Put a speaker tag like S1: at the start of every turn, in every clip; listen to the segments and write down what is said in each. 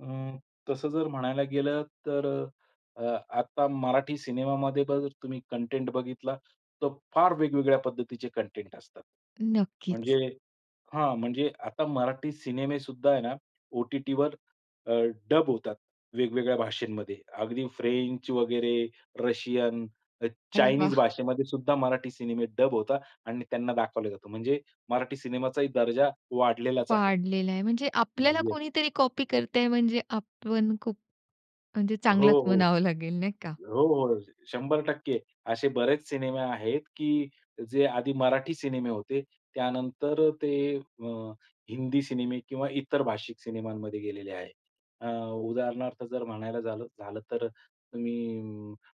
S1: अ, तसं जर म्हणायला गेलं तर अ, आता मराठी सिनेमामध्ये बघा जर तुम्ही कंटेंट बघितला तर फार वेगवेगळ्या पद्धतीचे कंटेंट असतात. म्हणजे
S2: नक्कीच.
S1: हां. म्हणजे आता मराठी सिनेमेसुद्धा आहे ना ओ-टी-टीवर अ, डब होतात. वेगवेगळ्या भाषेंमध्ये अगदी फ्रेंच वगैरे, अ, रशियन,
S2: अरे
S1: चाइनीज
S2: वाह!
S1: भाषेमध्ये सुद्धा मराठी सिनेमे डब होतात आणि त्यांना दाखवलं जातं. म्हणजे मराठी सिनेमाचाही दर्जा वाढलेलाच आहे.
S2: वाढलेला आहे. म्हणजे आपल्याला
S1: [unintelligible]
S2: कोणीतरी कॉपी करतंय म्हणजे आपण खूप, म्हणजे
S1: हो,
S2: चांगलच
S1: हो.
S2: म्हणावं लागेल नाही का?
S1: हो, हो. 100% असे बरेच सिनेमे आहेत की जे आधी मराठी सिनेमे होते. त्यानंतर ते अ, हिंदी सिनेमे किंवा इतर भाषिक सिनेमांमध्ये गेलेले आहेत. अ, उदाहरणार्थ जर म्हणायला झालं झालं तर तुम्ही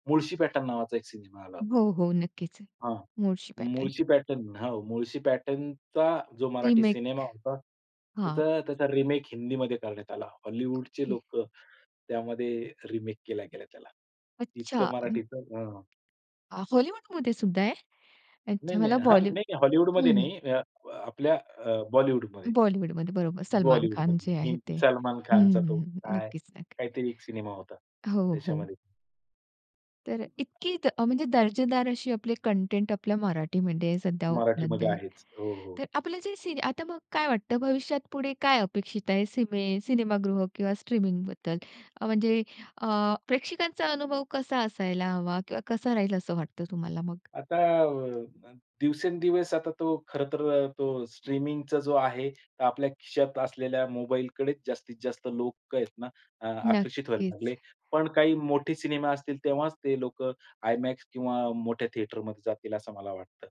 S1: मुळशी पॅटर्न नावाचा एक सिनेमा आला होता.
S2: हो, हो. नक्कीच आहे.
S1: हां,
S2: मूळशी पॅटर्न.
S1: मुळशी पॅटर्न हो. मुळशी पॅटर्नचा जो मराठी
S2: रिमेक.
S1: सिनेमा होता.
S2: हां.
S1: त्याचा त्याचा रिमेक हिंदीमध्ये करण्यात आला. हॉलिवूडचे
S2: ओके.
S1: लोकं त्यामध्ये रिमेक केल्या गेल्या त्याला.
S2: अच्छा.
S1: इतकं
S2: अ
S1: मराठीचं हं, हं.
S2: अ, हॉलिवूडमध्ये सुद्धा आहे.
S1: नाही,
S2: अच्छा
S1: नाही.
S2: मला
S1: हां,
S2: बॉली
S1: नाही
S2: हं.
S1: हॉलिवूडमध्ये नाही अ, आपल्या अ, बॉलिवूडमध्ये.
S2: हं. बॉलिवूडमध्ये बरोबर सलमान खान
S1: बॉलिवूडमध्ये
S2: जे आहे
S1: हिं
S2: ते.
S1: सलमान
S2: हं,
S1: खानचा तो
S2: हं.
S1: काय?
S2: नक्कीच, नक्कीच.
S1: काहीतरी एक सिनेमा होता.
S2: हो, हो.
S1: त्याच्यामध्ये.
S2: तर
S1: [unintelligible]
S2: इतकी अ, म्हणजे दर्जेदार अशी आपली कंटेंट आपल्या मराठीमध्ये सध्या उपलब्ध
S1: मराठीमध्ये
S2: आहे.
S1: आहेच. हो, हो.
S2: तर आपलं जे सिन आता मग काय वाटत भविष्यात पुढे काय अपेक्षित आहे सिमे सिनेमागृह किंवा स्ट्रीमिंग बद्दल? अ, म्हणजे अ, प्रेक्षकांचा अनुभव कसा असायला हवा किंवा कसा राहील असं वाटत तुम्हाला मग?
S1: आता अ, दिवसेंदिवस आता तो खर तर अ, तो स्ट्रीमिंगचा जो आहे तो आपल्या खिशात असलेल्या मोबाईलकडेच जास्तीतजास्त लोकं आहेत ना अ, आकर्षित व्हायला लागले.
S2: नक्कीच.
S1: पण काही मोठे सिनेमा असतील तेव्हाच ते लोकं IMAX किंवा मोठ्या थिएटरमध्ये जातील असं मला वाटतं.